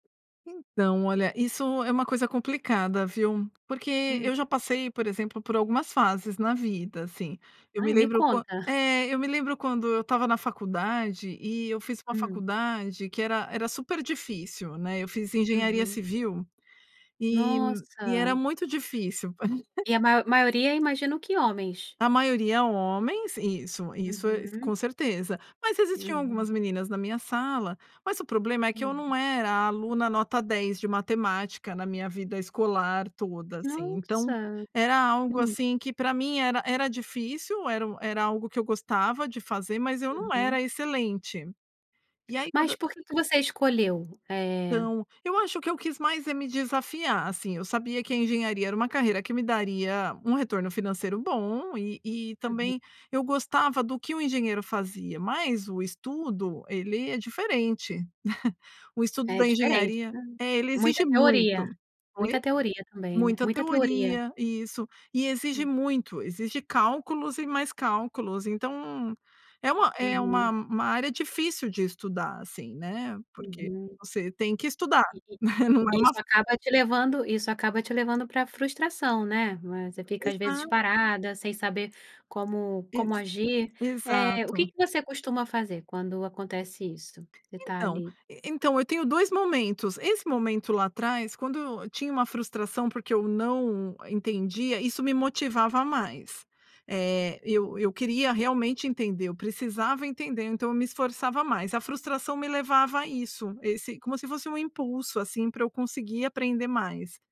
Então, olha, isso é uma coisa complicada, viu. Porque eu Hum. já passei, por exemplo, por algumas fases na vida, assim. Eu me Ai, me lembro quan conta. é, eu me lembro quando eu estava na faculdade e eu fiz uma Hum. faculdade que era era super difícil, né. Eu fiz engenharia Uhum. civil e e era Nossa! muito difícil. E a ma maioria, imagino que homens. A maioria homens, isso, isso é Uhum. com certeza. Mas existiam algumas Uhum. meninas na minha sala, mas o problema é que eu não Hum. era a aluna nota dez de matemática na minha vida escolar toda, assim. Então Nossa! era algo, Hum. assim, que para mim era era difícil, era u era algo que eu gostava de fazer, mas eu não Uhum. era excelente. E aí Mas quando por quê que você escolheu, eh Então, eu acho que eu quis mais é me desafiar, assim, eu sabia que a engenharia era uma carreira que me daria um retorno financeiro bom e e Uhum. também, eu gostava do que o engenheiro fazia, mas o estudo, ele é diferente. O estudo É da diferente, engenharia né, é, ele exige muita teori. muito. Oi? Muita teoria também, né, Muita muita teoria. teoria, isso. E exige Hum. muito, exige cálculos e mais cálculos, então é uma é uma Uhum. uma área difícil de estudar, assim, né. Porque Uhum. você tem que estudar, E i né, não é uma isso f acaba te levando isso acaba te levando pra frustração, né? Mas você fica, às vezes, Exato. parada, sem saber como como Isso, agir, eh, o quê exato. que você costuma fazer quando acontece isso? Você tá Então ali e então, eu tenho dois momentos, esse momento lá atrás quando eu tinha uma frustração porque eu não entendia, isso me motivava mais, eh, eu eu queria realmente entender, eu precisava entender, então eu me esforçava mais. A frustração me levava a isso, esse como se fosse um impulso, assim, para eu conseguir aprender mais.